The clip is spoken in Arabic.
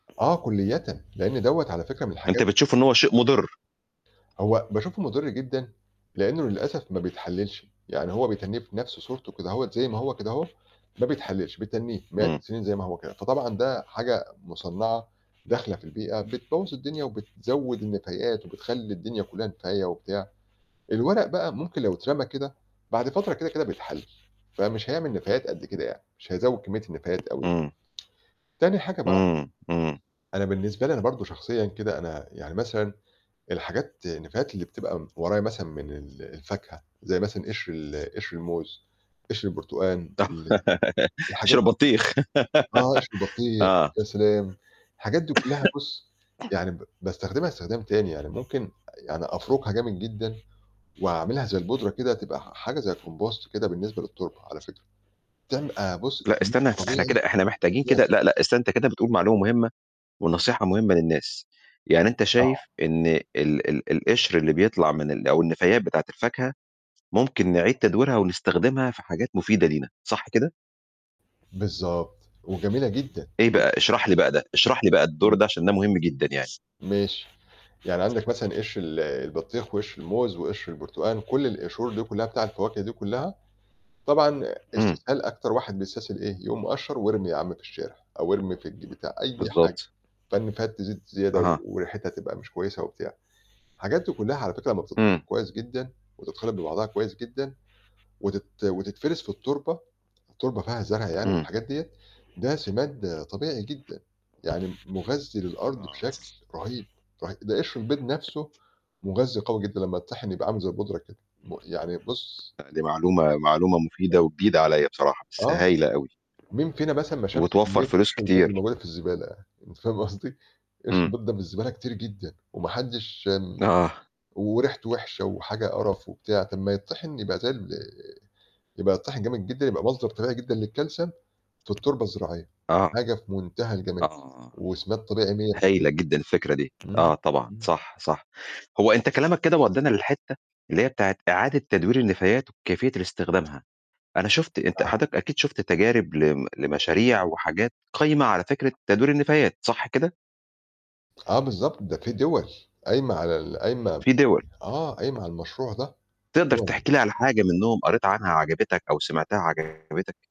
آه كُليّةً؛ لإن دوّة على فكرة من الحاجات أنت بتشوف إن هو شيء مضرّ. هو باشوفه مضرّ جدًا؛ لإنه للأسف ما بيتحللش. يعني هو بيتنّيه في نَفْس صورته كده هوّة زَي ما هو كده هو ما بيتحللش، بيتنّيه مئات إمم. السنين زَي ما هو كده، فطبعًا ده حاجة مُصنعة داخلة في البيئة بتبوّظ الدنيا، وبتزود النفايات، وبتخلّي الدنيا كلّها نفاية وبتاع. الورق بقى ممكن لو اترمى كده بعد فترة كده، كده بيتحلل، فمش هيعمل نفايات قد كده يعني، مش هيزود كمية النفايات أوي. إمم. تاني حاجة بقى إمم، إمم. أنا بالنسبة لي أنا برضه شخصيًا كده أنا يعني مثلًا الحاجات النفايات اللي بتبقى م ورايا مثلًا من ال الفاكهة زَي مثلًا قشر ال قشر الموز، قشر البرتقان، ال قشر الحاجات دي. البطيخ. آه، قشر البطيخ، آه. يا سلام، الحاجات دي كلّها بُص، يعني ب باستخدمها استخدام تاني، يعني ممكن يعني أفرُكها جامد جدًا وأعملها زَي البودرة كده تبقى ح حاجة زي الcompost كده بالنسبة للتربة على فكرة. تع بُص لأ، استنى [unintelligible] إحنا طبيعي كده إحنا محتاجين كده جامد. لأ، لأ استنى أنت كده بتقول معلومة مهمة، ونصيحة مهمة للناس. يعني أنت آه. شايف إن ال ال القشر اللي بيطلَع من ال أو النفايات بتاعة الفاكهة ممكن نعيِد تدويرها ونستخدمها في حاجات مفيدة لينا، صح كده؟ بالضبط، وجميلة جدًا. إيه بقى؟ بُص اشرح لي بقى ده، اشرح لي بقى الدور إمم. ده عشان ده مهم جدًا يعني. ماشي، يعني عندك مثلًا قشر ال البطيخ، وقشر الموز، وقشر البرتقان، كلّ القشور دي كلّها بتاع الفواكه دي كلّها طبعًا إمم. استسهال أكتَر واحد بيستسهل إيه، يقوم مِقَشر ويرمي يا عم في الشارع، أو ارمي في الج بتاع أي حاجة. بالضبط. فالنفايات تزيد زيادة أها. وريحتها تبقى مش كويسة وبتاع. الحاجات دي كلّها على فكرة ما إمم. [unintelligible] كويس جدًا، وتتخلط ببعضها كويس جدًا، وتت وتتفرِز في التربة، فالتربة فيها زرع يعني إمم. والحاجات ديّة، ده سماد طبيعي جدًا، يعني مُغذّي للأرض آه. بشكل رهيب، رهيب. ده قشر البْيض نَفْسه مُغذّي قوي جدًا لمّا يتطحن يبقى عامل زَي البودرة كده، م يعني بُص أ دي معلومة معلومة [unintelligible] مفيدة وجديدة عليّا بصراحة، بس آه. هايلة أوي. مين فينا مثلًا ما شافش وبتوفّر كمية فلوس قشر البْيض كتير. الموجودة في الزبالة، أنت فاهم قصدي؟ قشر إمم. البْيض ده في الزبالة كتير جدًا، وما حدش آمم، آه. وريحته وحشة، وحاجة قرف وبتاع، طَب ما يتطحن يبقى زَي ال آآ، يبقى يتطحن جامد جدًا يبقى مصدر طبيعي جدًا للكالسيوم في التربة الزراعية، آه. حاجة في منتهى الجمال آه. وسماد طبيعي مِيّة هايلة جدًا الفكرة دي. في المِيّة كده. آه إمم، طبعًا، إمم. صح، صح. هو أنت كلامك كده ودّانا للحتّة اللي هي بتاعة إعادة تدوير النفايات وكيفية الاستخدامها. أنا شُفت أنت آه. حضرتك أكيد شُفت تجارب لم لمشاريع وحاجات قايمة على فكرة تدوير النفايات، صح كده؟ آه بالضبط، ده في دِول قايمة على ال قايمة في دِول. آه، قايمة على المشروع ده. تقدَر تحكي لي على [unintelligible] حاجة منهم قريت عنها عجبتك، أو سِمعتها عجبتك؟